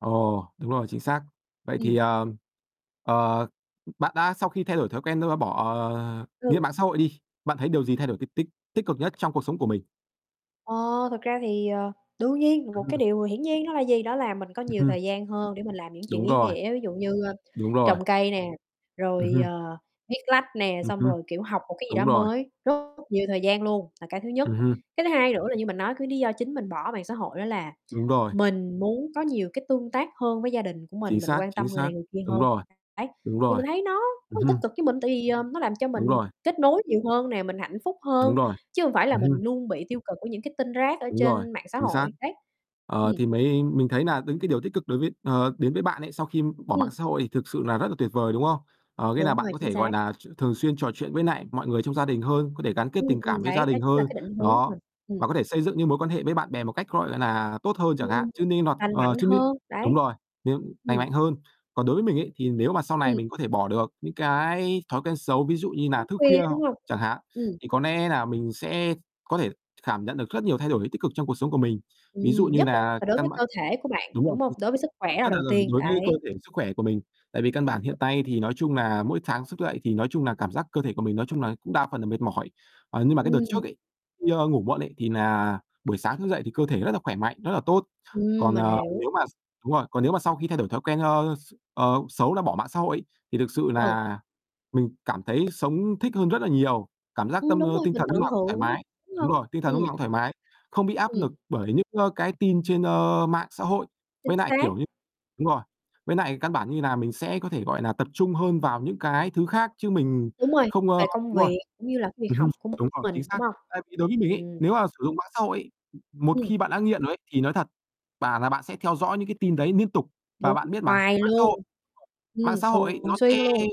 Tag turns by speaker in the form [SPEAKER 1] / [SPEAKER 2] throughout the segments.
[SPEAKER 1] Ồ. Đúng rồi, chính xác. Vậy thì,
[SPEAKER 2] Ừm.
[SPEAKER 1] ờ, ờ, bạn đã sau khi thay đổi thói quen thôi và bỏ, ờ, nghĩa là,
[SPEAKER 2] Ừ.
[SPEAKER 1] mạng xã hội đi, bạn thấy điều gì thay đổi t tích tích cực nhất trong cuộc sống của mình?
[SPEAKER 2] Ờ, thực ra thì, ờ, đương nhiên là
[SPEAKER 1] Ừ.
[SPEAKER 2] một cái điều hiển nhiên đó là gì, đó là mình có
[SPEAKER 1] Ừm
[SPEAKER 2] nhiều
[SPEAKER 1] hưm.
[SPEAKER 2] thời gian hơn để mình làm những chuyện
[SPEAKER 1] Đúng
[SPEAKER 2] ý
[SPEAKER 1] rồi.
[SPEAKER 2] nghĩa, ví dụ như, ơ,
[SPEAKER 1] Đúng rồi.
[SPEAKER 2] trồng cây nè,
[SPEAKER 1] Ừm
[SPEAKER 2] rồi,
[SPEAKER 1] hưm.
[SPEAKER 2] ờ, viết lách nè,
[SPEAKER 1] Ừm
[SPEAKER 2] xong
[SPEAKER 1] hưm,
[SPEAKER 2] rồi, kiểu, học một cái gì
[SPEAKER 1] đúng
[SPEAKER 2] đó
[SPEAKER 1] rồi.
[SPEAKER 2] mới, rất nhiều thời gian luôn, là cái thứ nhất.
[SPEAKER 1] Ừm hưm.
[SPEAKER 2] Cái thứ hai nữa là như mình nói, cái lý do chính mình bỏ mạng xã hội đó là
[SPEAKER 1] Đúng rồi.
[SPEAKER 2] mình muốn có nhiều cái tương tác hơn với gia đình của mình,
[SPEAKER 1] Chính
[SPEAKER 2] mình
[SPEAKER 1] xác,
[SPEAKER 2] quan
[SPEAKER 1] chính
[SPEAKER 2] tâm người
[SPEAKER 1] xác.
[SPEAKER 2] này người kia
[SPEAKER 1] Đúng
[SPEAKER 2] hơn.
[SPEAKER 1] rồi,
[SPEAKER 2] Đấy,
[SPEAKER 1] đúng
[SPEAKER 2] thì
[SPEAKER 1] rồi.
[SPEAKER 2] mình thấy nó rất
[SPEAKER 1] Ừm
[SPEAKER 2] là tích
[SPEAKER 1] hưm.
[SPEAKER 2] cực với mình tại vì, ờ, nó làm cho
[SPEAKER 1] Đúng
[SPEAKER 2] mình
[SPEAKER 1] rồi.
[SPEAKER 2] kết nối nhiều hơn nè, mình hạnh phúc
[SPEAKER 1] Đúng
[SPEAKER 2] hơn,
[SPEAKER 1] rồi,
[SPEAKER 2] chứ hông phải là
[SPEAKER 1] ừm hưm.
[SPEAKER 2] mình luôn bị tiêu cực của những cái tin rác ở
[SPEAKER 1] Đúng rồi,
[SPEAKER 2] trên mạng xã
[SPEAKER 1] chính xác.
[SPEAKER 2] hội, đấy.
[SPEAKER 1] Ờ,
[SPEAKER 2] Ừm.
[SPEAKER 1] thì mới mình thấy nà những cái điều tích cực đối với ờ, đến với bạn ấy, sau khi bỏ mạng
[SPEAKER 2] Ừm.
[SPEAKER 1] xã hội thì thực sự là rất là tuyệt vời, đúng không? Ờ, nghĩa là
[SPEAKER 2] Đúng
[SPEAKER 1] bạn
[SPEAKER 2] rồi,
[SPEAKER 1] có
[SPEAKER 2] chính
[SPEAKER 1] thể,
[SPEAKER 2] xác.
[SPEAKER 1] gọi nà, ch thường xuyên trò chuyện với nại mọi người trong gia đình hơn, có thể gắn kết
[SPEAKER 2] Ừm,
[SPEAKER 1] tình cảm
[SPEAKER 2] ừm,
[SPEAKER 1] với gia
[SPEAKER 2] đấy, đó
[SPEAKER 1] đình
[SPEAKER 2] chính là
[SPEAKER 1] hơn.
[SPEAKER 2] cái định hướng của
[SPEAKER 1] Đó,
[SPEAKER 2] mình, ừm.
[SPEAKER 1] và có thể xây dựng những mối quan hệ với bạn bè một cách, gọi nà, tốt hơn chẳng hạn.
[SPEAKER 2] Ừm,
[SPEAKER 1] Chứ nên hoặc
[SPEAKER 2] lành
[SPEAKER 1] ờ,
[SPEAKER 2] mạnh
[SPEAKER 1] chứ n
[SPEAKER 2] hơn,
[SPEAKER 1] đúng
[SPEAKER 2] đấy.
[SPEAKER 1] rồi, nên lành
[SPEAKER 2] Ừm.
[SPEAKER 1] mạnh hơn. Còn đối với mình ấy, thì nếu mà sau này
[SPEAKER 2] Ừm.
[SPEAKER 1] mình có thể bỏ được những cái thói quen xấu, ví dụ như nà
[SPEAKER 2] Thức
[SPEAKER 1] thức
[SPEAKER 2] khuya,
[SPEAKER 1] khuya h
[SPEAKER 2] đúng hông?
[SPEAKER 1] chẳng hạn,
[SPEAKER 2] Ừm.
[SPEAKER 1] thì có lẽ nà mình sẽ có thể khảm nhận được rất nhiều thay đổi tích cực trong cuộc sống của mình. Ví dụ
[SPEAKER 2] Ừm,
[SPEAKER 1] như
[SPEAKER 2] nhất là
[SPEAKER 1] nà
[SPEAKER 2] đối
[SPEAKER 1] căn
[SPEAKER 2] với
[SPEAKER 1] bản
[SPEAKER 2] cơ thể của bạn,
[SPEAKER 1] đúng rồi,
[SPEAKER 2] đúng hông?
[SPEAKER 1] chính xác,
[SPEAKER 2] Đối với sức khỏe là
[SPEAKER 1] rất
[SPEAKER 2] đầu
[SPEAKER 1] là là
[SPEAKER 2] tiên,
[SPEAKER 1] đối với cơ
[SPEAKER 2] đấy.
[SPEAKER 1] thể sức khỏe của mình. Tại vì căn bản hiện tay thì nói chung nà mỗi sáng sức dậy thì nói chung nà cảm giác cơ thể của mình nói chung là cũng đa phần là mệt mỏi. Ờ, nhưng mà cái đợt
[SPEAKER 2] Ừm.
[SPEAKER 1] trước ấy, đi, ơ, ngủ muộn ấy, thì nà buổi sáng thức dậy thì cơ thể rất là khỏe mạnh, rất là tốt.
[SPEAKER 2] Ừm,
[SPEAKER 1] Còn,
[SPEAKER 2] mình
[SPEAKER 1] ờ,
[SPEAKER 2] hiểu.
[SPEAKER 1] nếu mà x đúng rồi, còn nếu mà sau khi thay đổi thói quen, ơ, x ờ, xấu, là bỏ mạng xã hội ấy, thì thực sự
[SPEAKER 2] Ừ.
[SPEAKER 1] nà mình cảm thấy sống thích hơn rất là nhiều. Cảm giác
[SPEAKER 2] Ừm,
[SPEAKER 1] tâm
[SPEAKER 2] đúng
[SPEAKER 1] ơ,
[SPEAKER 2] rồi,
[SPEAKER 1] tinh
[SPEAKER 2] mình
[SPEAKER 1] thần núc
[SPEAKER 2] tận
[SPEAKER 1] nào cũng thoải
[SPEAKER 2] hưởng,
[SPEAKER 1] mái.
[SPEAKER 2] đúng
[SPEAKER 1] Đúng
[SPEAKER 2] hông?
[SPEAKER 1] rồi, tinh thần lúc
[SPEAKER 2] Ừm.
[SPEAKER 1] nào cũng thoải mái. Không bị áp
[SPEAKER 2] Ừm.
[SPEAKER 1] nực bởi những, ơ, cái tin trên, ơ, mạng xã hội. Với
[SPEAKER 2] Chính
[SPEAKER 1] nại,
[SPEAKER 2] xác.
[SPEAKER 1] kiểu như đúng rồi, với nại căn bản như nà mình sẽ có thể, gọi nà, tập trung hơn vào những cái thứ khác chứ mình
[SPEAKER 2] Đúng rồi,
[SPEAKER 1] không, ơ
[SPEAKER 2] về công
[SPEAKER 1] đúng rồi.
[SPEAKER 2] việc cũng như là cái việc
[SPEAKER 1] Ừm hưm.
[SPEAKER 2] học của
[SPEAKER 1] Đúng rồi, chính
[SPEAKER 2] mình, đúng
[SPEAKER 1] xác.
[SPEAKER 2] hông?
[SPEAKER 1] Tại vì đối với mình ấy,
[SPEAKER 2] Ừm.
[SPEAKER 1] nếu mà sử dụng mạng xã hội ấy, một
[SPEAKER 2] Ừm.
[SPEAKER 1] khi bạn đã nghiện rồi ấy, thì nói thật, bảo nà bạn sẽ theo dõi những cái tin đấy niên tục. Và
[SPEAKER 2] Đúng,
[SPEAKER 1] bạn biết mà
[SPEAKER 2] hoài
[SPEAKER 1] mạng xã
[SPEAKER 2] luôn,
[SPEAKER 1] hội mạng
[SPEAKER 2] ừm,
[SPEAKER 1] xã hội ấy,
[SPEAKER 2] thường
[SPEAKER 1] nó
[SPEAKER 2] xuyên
[SPEAKER 1] sẽ
[SPEAKER 2] luôn.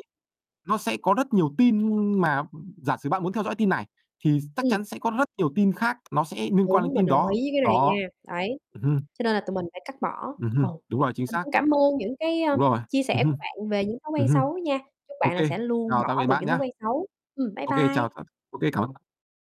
[SPEAKER 1] nó sẽ có rất nhiều tin mà giả sử bạn muốn theo dõi tin này thì chắc
[SPEAKER 2] Ừm.
[SPEAKER 1] chắn sẽ có rất nhiều tin khác, nó sẽ niên quan đến
[SPEAKER 2] Đúng, mình
[SPEAKER 1] tin
[SPEAKER 2] đồng
[SPEAKER 1] đó.
[SPEAKER 2] ý với cái này
[SPEAKER 1] Đó,
[SPEAKER 2] nha. Đấy,
[SPEAKER 1] ừm hưm.
[SPEAKER 2] cho nên là tụi mình phải cắt bỏ.
[SPEAKER 1] Ừm
[SPEAKER 2] Ừ,
[SPEAKER 1] hưm, đúng rồi, chính
[SPEAKER 2] mình
[SPEAKER 1] xác.
[SPEAKER 2] cũng cảm ơn những cái, a,
[SPEAKER 1] Đúng rồi.
[SPEAKER 2] chia
[SPEAKER 1] Ừm
[SPEAKER 2] sẻ
[SPEAKER 1] hưm,
[SPEAKER 2] của bạn về những thói
[SPEAKER 1] ừm
[SPEAKER 2] quen
[SPEAKER 1] hưm.
[SPEAKER 2] xấu nha, chúc
[SPEAKER 1] Ô
[SPEAKER 2] bạn
[SPEAKER 1] kê,
[SPEAKER 2] sẽ luôn
[SPEAKER 1] chào
[SPEAKER 2] bỏ
[SPEAKER 1] tạm biệt
[SPEAKER 2] được
[SPEAKER 1] bạn
[SPEAKER 2] những thói
[SPEAKER 1] nhá.
[SPEAKER 2] quen xấu. Ừm, bye
[SPEAKER 1] Ô kê, chào
[SPEAKER 2] bye.
[SPEAKER 1] thật ô kê cảm ơn b